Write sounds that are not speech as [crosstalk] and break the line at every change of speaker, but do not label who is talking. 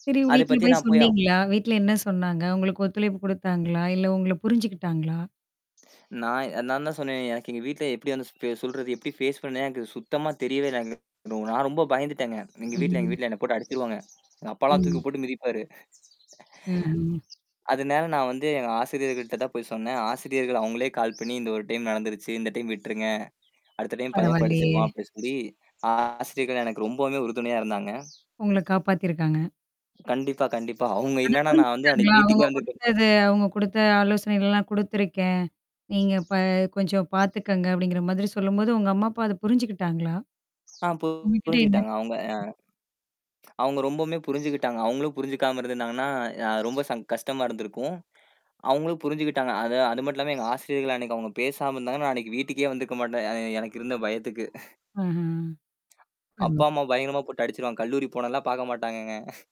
இ
அத
வீட்ல போய்
பத்தின பயோ
சொன்னீங்களா? வீட்ல என்ன சொன்னாங்க? உங்களுக்கு ஒத்துழைப்பு குடுத்தாங்களா? இல்ல, உங்கள புரிஞ்சுக்கிட்டாங்களா?
நான் நான் தான் சொன்னேன்னே, எனக்கு எங்க வீட்ல எப்படி வந்து சொல்றது, எப்படி ஃபேஸ் பண்ணே எனக்கு சுத்தமா தெரியவே இல்ல எனக்கு. நான் ரொம்ப பயந்துட்டேங்க. எங்க வீட்ல எங்க
ம்.
வீட்ல என்ன போட்டு அடிச்சுருவாங்க. எங்க அப்பாலாம் தூக்கி
ம்.
போட்டு மிதிப்பாரு.
ம்ஹ்ம்.
அதுனால நான் வந்து, எங்க ஆசிரியர்கள்ட்ட தான் போய் சொன்னேன். ஆசிரியர்கள் அவங்களே கால் பண்ணி, "இந்த ஒரு டைம் நடந்துருச்சு. இந்த டைம் விட்டுருங்க! அடுத்த டைம் பையன்
பரவால்லையே!
படிச்சுக்குவான்." அப்டின்னு சொல்லி ஆ ஆசிரியர்கள் எனக்கு ரொம்பவே உறுதுணையா இருந்தாங்க.
உங்கள காப்பாத்திருக்காங்க.
கண்டிப்பா, கண்டிப்பா. அவுங்க
ஆனா,
இல்லன்னா, நான் வந்து
புரிஞ்சிக்கிட்டாங்களா?
அன்னைக்கு
"அவங்க
வீட்டுக்கே வந்துருக்க
குடுத்தது அவங்க குடுத்த ஆலோசனைகள்லாம் குடுத்துருக்கேன். நீங்க ப கொஞ்சம் பார்த்துக்கங்க." அப்படிங்கிற மாதிரி சொல்லும்போது, உங்க அம்மா, அப்பா அத புரிஞ்சுக்கிட்டாங்களா?
ஆ பு
உங்ககிட்ட என்ன
புரிஞ்சுகிட்டாங்க. அவுங்க அ. அவங்க ரொம்பவுமே புரிஞ்சுகிட்டாங்க. அவங்களும் புரிஞ்சுக்காம இருந்துந்தாங்கன்னா, அ ரொம்ப ச கஷ்டமா இருந்திருக்கும். அவுங்களும் புரிஞ்சுகிட்டாங்க. அ அது மட்டும் இல்லாம எங்க ஆசிரியர்கள் அன்னைக்கு அவுங்க பேசாம இருந்தாங்கன்னா, அன்னைக்கு வீட்டுக்கே வந்திருக்க மாட்டேன். அ எனக்கு இருந்த பயத்துக்கு. [chuckles]
அஹ. அருமை.
அப்பா, அம்மா பயங்கரமா போட்டு அடிச்சுருவாங்க. கல்லூரி போனன்லாம் பாக்க மாட்டாங்கங்க. [chuckles]